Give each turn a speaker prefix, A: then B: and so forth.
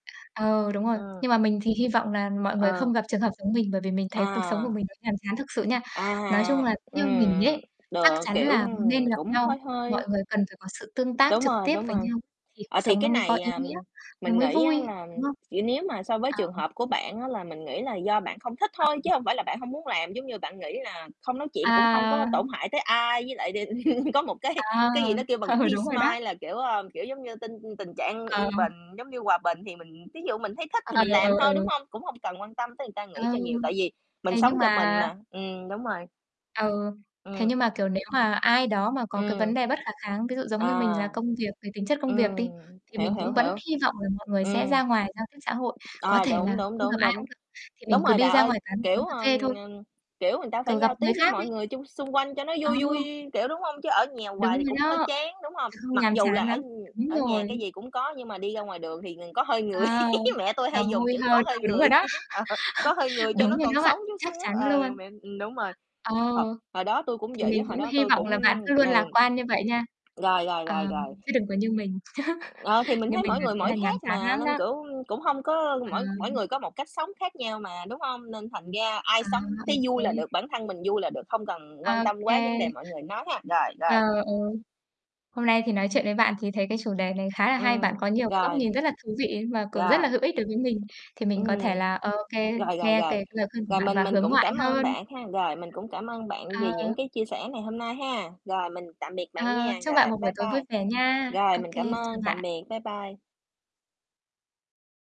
A: Ờ, đúng rồi.
B: Ừ.
A: Nhưng mà mình thì hy vọng là mọi người không
B: Ừ.
A: gặp trường hợp giống mình, bởi vì mình thấy cuộc sống của
B: À.
A: mình nó nhàm chán thực sự nha.
B: À
A: Nói chung
B: ha.
A: là theo mình
B: Ừm.
A: ấy, chắc
B: Được,
A: chắn
B: kiểu,
A: là
B: ừm,
A: nên gặp
B: cũng
A: nhau,
B: hơi hơi.
A: mọi người cần phải có sự tương tác
B: Đúng
A: trực
B: rồi,
A: tiếp
B: đúng
A: với
B: rồi.
A: nhau thì cuộc
B: Ờ, thì
A: sống nó
B: cái
A: mới có
B: này,
A: ý
B: à,
A: nghĩa, nó
B: mình
A: mới
B: nghĩ á
A: vui,
B: là
A: đúng không?
B: vậy nếu mà so với
A: Ờ,
B: trường
A: ừm.
B: hợp của bạn á là mình nghĩ là do bạn không thích
A: À,
B: thôi, chứ
A: ờ.
B: hông phải là bạn hông muốn làm. Giống như bạn nghĩ là không nói chuyện cũng hông
A: À.
B: có tổn hại tới ai với lại đ có một cái
A: À.
B: cái gì nó kêu bằng peace
A: Đúng rồi đó.
B: mind là, kiểu, ờ, kiểu, giống như, tinh tình trạng
A: Ờ.
B: yên bình, giống như hòa bình thì mình thí dụ mình thấy thích
A: Ờ,
B: thì mình
A: ừ,
B: làm thôi, đúng
A: ừ.
B: không? Cũng hông cần quan tâm tới người ta
A: Ừ.
B: nghĩ cho nhiều, tại vì mình
A: Thế
B: sống
A: nhưng
B: cho mình
A: mà
B: mà. Ừm, đúng rồi.
A: À, ừ. Thế
B: Ừm.
A: nhưng mà, kiểu, nếu mà ai đó mà có cái vấn
B: Ừm.
A: đề bất khả kháng, ví dụ giống như mình
B: À.
A: là công việc, về tính chất công việc đi,
B: Ừm,
A: thì
B: hiểu,
A: mình
B: hiểu,
A: cũng vẫn
B: hiểu.
A: hy vọng là mọi người sẽ
B: Ừm.
A: ra ngoài giao tiếp xã hội. Có
B: À,
A: thể là
B: đúng, đúng,
A: không gặp
B: đúng,
A: ai
B: đúng.
A: cũng được, thì mình
B: Đúng
A: cứ
B: rồi,
A: đi
B: đà
A: ra
B: ơi,
A: ngoài quán
B: kiểu,
A: quán cà phê
B: ừm,
A: thôi.
B: ừm, kiểu, người ta phải
A: Thử gặp
B: giao tiếp
A: người
B: với
A: khác đi.
B: mọi người chung xung quanh cho nó
A: Ờ.
B: vui vui, kiểu, đúng hông? Chứ ở nhà
A: Đúng
B: hoài thì
A: rồi
B: cũng hơi
A: đó.
B: chán, đúng hông?
A: Không
B: Mặc
A: nhàm
B: dù là
A: chán
B: ở
A: lắm. Đúng
B: ở nhà
A: rồi.
B: cái gì cũng có nhưng mà đi ra ngoài đường thì ng có hơi người
A: Ờ.
B: mẹ tui
A: Là
B: hay dùng
A: vui
B: chữ "có
A: hơn.
B: hơi
A: Ừ, đúng
B: người",
A: rồi đó.
B: ờ, có hơi người cho
A: Đúng
B: nó
A: rồi
B: còn
A: đó bạn.
B: sống chút
A: Chắc
B: xíu.
A: chắn
B: Ừ,
A: luôn.
B: mẹ ừm, đúng rồi.
A: Ờ.
B: Thật hồi đó tui cũng
A: Thì
B: vậy
A: mình
B: á, hồi
A: cũng
B: đó
A: hy
B: tui
A: vọng
B: cũng
A: là bạn cứ luôn
B: ừ.
A: lạc quan như vậy nha.
B: Rồi, rồi, rồi,
A: Ờm,
B: rồi.
A: chứ đừng có như mình,
B: Ờ, thì mình
A: như
B: thấy
A: mình
B: mỗi
A: là
B: người
A: thế
B: mỗi
A: là nhàm
B: khác
A: chán
B: mà,
A: lắm
B: nên,
A: đó.
B: kiểu, cũng hông có mỗi mỗi
A: Ừm.
B: người có một cách sống khác nhau mà, đúng hông? Nên thành ra ai
A: À,
B: sống
A: ô
B: thấy vui là
A: kê.
B: được, bản thân mình vui là được, không cần quan
A: Ô
B: tâm quá vấn đề
A: kê.
B: mọi người nói ha. Rồi,
A: Ờ,
B: rồi.
A: ừ. Hôm nay thì nói chuyện với bạn thì thấy cái chủ đề này khá là hay. Bạn
B: Ừm,
A: có nhiều cái góc
B: rồi.
A: nhìn rất là thú vị và cũng rất
B: Rồi.
A: là hữu ích đối với mình. Thì mình có thể
B: Ừm.
A: là ô kê,
B: Rồi, rồi,
A: nghe
B: rồi.
A: cái lời khuyên của
B: Rồi
A: bạn
B: mình
A: và
B: mình
A: hướng
B: cũng
A: ngoại
B: cảm ơn
A: hơn.
B: bạn ha, rồi mình cũng cảm ơn bạn
A: Ờ.
B: vì những cái chia sẻ ngày hôm nay ha. Rồi, mình tạm biệt bạn
A: Ờ.
B: nha,
A: Chúc bạn
B: rồi
A: một buổi
B: bye
A: tối vui
B: bye.
A: vẻ nha.
B: Rồi,
A: Ô
B: mình
A: kê,
B: cảm
A: chào
B: ơn, tạm
A: bạn.
B: biệt, bye bye.